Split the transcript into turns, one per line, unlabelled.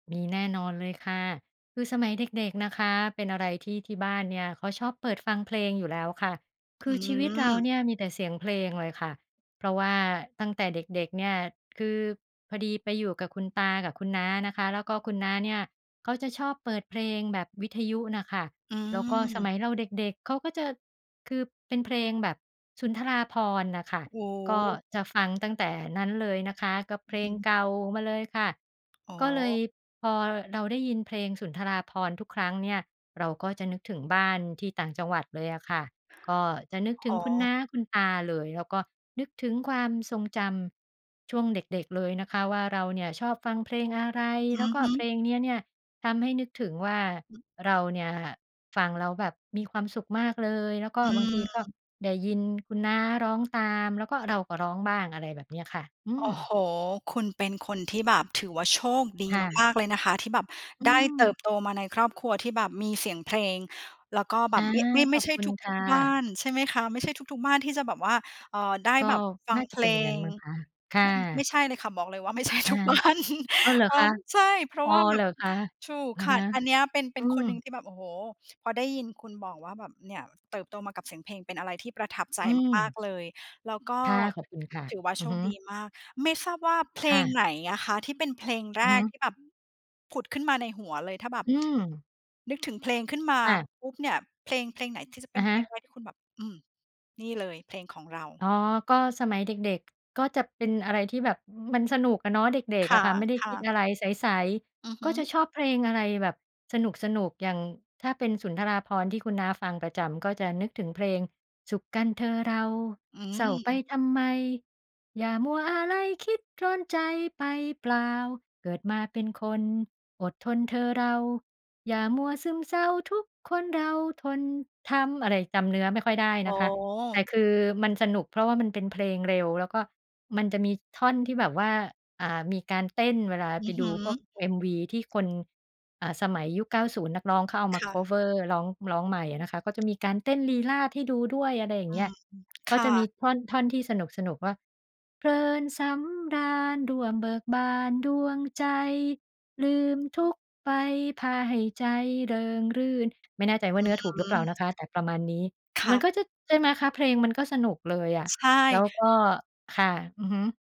มีแน่นอนเลยค่ะ คือสมัยเด็ก ๆ นะคะ เป็นอะไรที่ที่บ้านเนี่ยเขาชอบเปิดฟังเพลงอยู่แล้วค่ะ ค
อ
ือ
ื
ชีวิตเรา
ม
เนี่ยมีแต่เสียงเพลงเลยค่ะ เพราะว่าตั้งแต่เด็ก ๆ เนี่ย คือพอดีไปอยู่กับคุณตากับคุณน้านะคะ แล้วก็คุณน้าเนี่ยเขาจะชอบเปิดเพลงแบบวิทยุน่ะค่ะ
อื
แล้วก็สม
ม
ัยเราเด็ก ๆ เขาก็จะ คือเป็นเพลงแบบสุนทราภรณ์น่ะค่ะ
โอ้
ก็
โฮ!
จะฟังตั้งแต่นั้นเลยนะคะ ก็เ
อ
พ
ื
ล
อฮ
ง
ึ
เก่ามาเลยค่ะ
อ๋
ก็เล
อ
ย พอเราได้ยินเพลงสุนทราภรณ์ทุกครั้งเนี่ย เราก็จะนึกถึงบ้านที่ต่างจังหวัดเลยอะค่ะ ก็จะนึกถึ
อ
ง
๋
คุณน้
อ
า คุณตาเลย แล้วก็นึกถึงความทรงจำช่วงเด็ก ๆ เลยนะคะว่า เราเนี่ยชอบฟังเพลงอะไร
อ
แล้
ื
ว
อ
ก็
ฮ
เพ
ึ
ลงเนี้ยเนี่ยทำให้นึกถึงว่า
อืม
เราเนี่ยฟังแล้วแบบมีความสุขมากเลย แล้วก็
อ
บางทีก็
ืม
ได้ยินคุณน้าร้องตาม แล้วก็ เราก็ร้องบ้าง อะไรแบบเนี้ยค่ะ อื
โอ
ม
้โฮ! คุณเป็นคนที่แบบถือว่า โชคดี
ค่ะ
มาก ๆ เลยนะคะ ที่แบบ
อื
ได้เติ
ม
บโตมาในครอบครัวที่แบบมีเสียงเพลง แล้วก็แบ
อา
บไม่ ไม่
ข
ไม่
อบ
ใช่
คุณค
ทุ
่
ก ๆ บ้า
ะ
นใช่ไหมคะ ไม่ใช่ทุก ๆ บ้านที่จะแบบว่า เอ่อ ได้
ก็
แบบฟั
น่
ง
า
เ
จ
พ
ะเ
ล
ป็นอย่างงั้น
ง
มั้งคะ ค่
ไม่ ไม
ะ
่ใช่เลยค่ะ บอกเลยว่า ไม่ใช่
อา
ทุกบ้าน
อ้าว เหรอ
พร้
ค
อ
ะ?
ม ใช่ เพรา
อ
ะ
๋อ
ว่าแบ
เหร
บ
อคะ?
ถูก
อะ
ค่
ฮ
ะ
ะ
อันเนี้ยเป็น เป
อื
็นคนหนึ่ง
ม
ที่แบบ โอ้โฮ! พอได้ยินคุณบอกว่า แบบ เนี่ย เติบโตมากับเสียงเพลง เป็นอะไรที่ประทับใจ
อื
มาก
ม
ๆ เลย แล้วก็
ค่ะ ขอบคุณค่ะ
ถือว่า
อ
โ
ื
ช
อฮ
คดี
ึ
มาก ไม่ทราบว่า เพล
ค่
ง
ะ
ไหนอะคะ? ที่เป็นเพลงแ
อ
ร
ือฮ
ก
ึ
ที่แบบผุดขึ้นมาในหัวเลย ถ้าแบบ
อืม
นึกถึงเพลงขึ้นมา
ค่ะ
ปุ๊บเนี่ย เพลง เพลงไหนที่จะเ
อ
ป็
ะ
น
ฮ
เพ
ะ
ลงแรก? ที่คุณแบบ อืม นี่เลยเพลงของเรา
อ๋อ ก็ สมัยเด็ก ๆ ก็จะเป็นอะไรที่แบบ มันสนุกอะเนาะ เด็ก
ค
ๆ อะค่ะ ไม่ได้ค
่
ิ
ะ
ด
ๆ
อะไร ใส
อือ
ๆ
ฮ
ก็
ึ
จะชอบเพลงอะไรแบบสนุก ๆ อย่างถ้าเป็นสุนทราภรณ์ที่คุณน้าฟังประจำ ก็จะนึกถึงเพลง สุขกันเธอเรา
อื
เศร้าไป
ม
ทำไม อย่ามัวอาลัย คิดร้อนใจไปเปล่า เกิดมาเป็นคน อดทนเถอะเรา อย่ามัวซึมเซา ทุกคนเราทนทำ อะไร จำเนื้อไม่ค่อยได้
โอ
น
้
ะคะ
โ
แต่
ฮ
คือมันสนุก เพราะว่ามันเป็นเพลงเร็ว แล้วก็มันจะมีท่อนที่แบบว่า อ่า มีการเต้นเวลา
อ
ไป
ือฮ
ดูพวก
ึ
MV ที่คน อ่า สมัยยุค 90 นักร้องเขาเอามา
ค่
คั
ะ
ฟเวอร์ ร้อง ร้องใหม่อะนะคะ ก็จะมีการเต้นลีลาศให้ดูด้วย อะไรอย่า
อ
งเ
ื
งี้ย
ม ๆ ค
ก็
่
จะมี
ะ
ท่อน ท่อนที่สนุก ๆ ว่า เพลินสำราญ ร่วมเบิกบานดวงใจ ลืมทุกข์ไป พาให้ใจเริงรื่น ไม่แน่ใจว
อ
่าเนื้อถูกหรือเ
ื
ปล่าน
ม
ะคะ แต่ประมาณนี้
ค
ม
่
ัน
ะ
ก็จะ ใช่ไหมคะ เพลงมันก็สนุกเลยอะ
ใช่
แล้วก็ ค่ะ อือฮึ